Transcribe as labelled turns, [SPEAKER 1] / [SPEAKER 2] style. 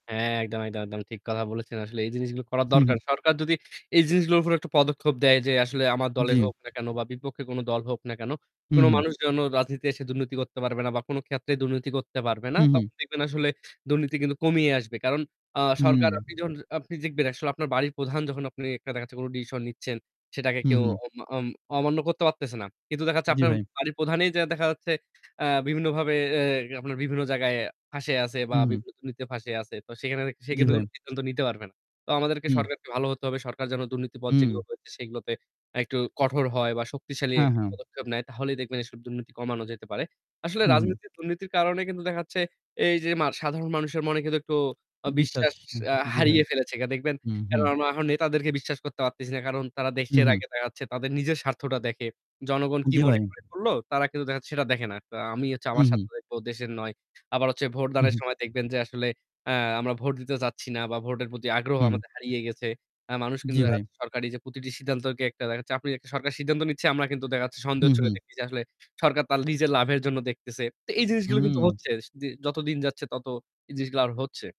[SPEAKER 1] অ হ্যাঁ। একদম, একদম, একদম ঠিক কথা বলেছেন। আসলে এই জিনিসগুলো করা
[SPEAKER 2] হু,
[SPEAKER 1] দরকার।
[SPEAKER 2] হু।
[SPEAKER 1] সরকার যদি এই জিনিসগুলোর উপর একটা পদক্ষেপ দেয় যে আসলে আমার দলে
[SPEAKER 2] জ্বি।
[SPEAKER 1] হোক না কেন বা বিপক্ষে কোন দল হোক না কেন,
[SPEAKER 2] হুম,
[SPEAKER 1] কোন
[SPEAKER 2] হুম।
[SPEAKER 1] মানুষ যেন রাজনীতি দুর্নীতি করতে পারবে না বা কোন ক্ষেত্রে দুর্নীতি করতে পারবে না।
[SPEAKER 2] হুম, হুম।
[SPEAKER 1] তখন দেখবেন আসলে দুর্নীতি কিন্তু কমিয়ে আসবে। কারণ আ
[SPEAKER 2] হুম।
[SPEAKER 1] সরকার আপনি দেখবেন আপনার বাড়ির প্রধান যখন আপনি দেখাচ্ছে কোন ডিসিশন নিচ্ছেন সেটাকে
[SPEAKER 2] হু,
[SPEAKER 1] কেউ
[SPEAKER 2] হু।
[SPEAKER 1] অ অমান্য করতে পারতেছে না। কিন্তু দেখাচ্ছে
[SPEAKER 2] জ্বি
[SPEAKER 1] আপনার
[SPEAKER 2] ভাই।
[SPEAKER 1] বাড়ির প্রধানেই দেখা যাচ্ছে আ বিভিন্নভাবে এ আপনার বিভিন্ন জায়গায় ফাঁইসে আছে বা
[SPEAKER 2] হু, হু।
[SPEAKER 1] বিভিন্ন দুর্নীতিতে ফাঁইসে আছে। তো সেখানে
[SPEAKER 2] জ্বি
[SPEAKER 1] সেখানে
[SPEAKER 2] ভাই।
[SPEAKER 1] কোন সিদ্ধান্ত নিতে পারবে না। তো আমাদেরকে
[SPEAKER 2] হুম।
[SPEAKER 1] সরকারকে ভালো হতে হবে। সরকার যেন দুর্নীতির পথ যেগুলো
[SPEAKER 2] হু।
[SPEAKER 1] রয়েছে সেগুলোতে একটু কঠোর হয় বা শক্তিশালী
[SPEAKER 2] হ্যাঁ, হ্যাঁ।
[SPEAKER 1] পদক্ষেপ নেয় তাহলেই দেখবেন এ দুর্নীতি কমানো যেতে পারে। আসলে
[SPEAKER 2] হু, হু।
[SPEAKER 1] রাজনীতির দুর্নীতির কারণে কিন্তু দেখাচ্ছে এই যে সাধারণ মানুষের মনে কিন্তু একটু
[SPEAKER 2] বিশ্বাস
[SPEAKER 1] বিশ্বাস
[SPEAKER 2] জি ভাই।
[SPEAKER 1] হারিয়ে ফেলেছে দেখবেন।
[SPEAKER 2] হু, হু।
[SPEAKER 1] কারণ আমরা এখন নেতাদেরকে বিশ্বাস করতে পারতেছি না। কারণ তারা
[SPEAKER 2] হুম,
[SPEAKER 1] দেশের
[SPEAKER 2] হুম।
[SPEAKER 1] আগে দেখাচ্ছে, তাদের নিজের স্বার্থটা দেখে। জনগণ কি
[SPEAKER 2] জ্বী
[SPEAKER 1] মনে
[SPEAKER 2] ভাই।
[SPEAKER 1] করলো, তারা কিন্তু দেখাচ্ছে সেটা দেখে না। আমি
[SPEAKER 2] হু,
[SPEAKER 1] আমার
[SPEAKER 2] হু।
[SPEAKER 1] স্বার্থ দেখবো, দেশের নয়। আবার হচ্ছে
[SPEAKER 2] হু,
[SPEAKER 1] ভোটদানের
[SPEAKER 2] হু।
[SPEAKER 1] সময় দেখবেন যে আসলে আ আমরা ভোট দিতে যাচ্ছি না বা ভোটের প্রতি আগ্রহ
[SPEAKER 2] হু।
[SPEAKER 1] হারিয়ে গেছে। মানুষ কিন্তু
[SPEAKER 2] জ্বি ভাই।
[SPEAKER 1] দেখাচ্ছে সরকারি যে প্রতিটি সিদ্ধান্তকে দেখাচ্ছে। সরকার সিদ্ধান্ত নিচ্ছে আমরা কিন্তু দেখাচ্ছি
[SPEAKER 2] হু,
[SPEAKER 1] সন্দেহের চোখে
[SPEAKER 2] হু।
[SPEAKER 1] দেখতেছি। আসলে সরকার তার নিজের লাভের জন্য দেখতেছে। তো এই জিনিসগুলো কিন্তু
[SPEAKER 2] হু।
[SPEAKER 1] হচ্ছে। যতদিন যাচ্ছে তত এই জিনিসগুলো আর হচ্ছে।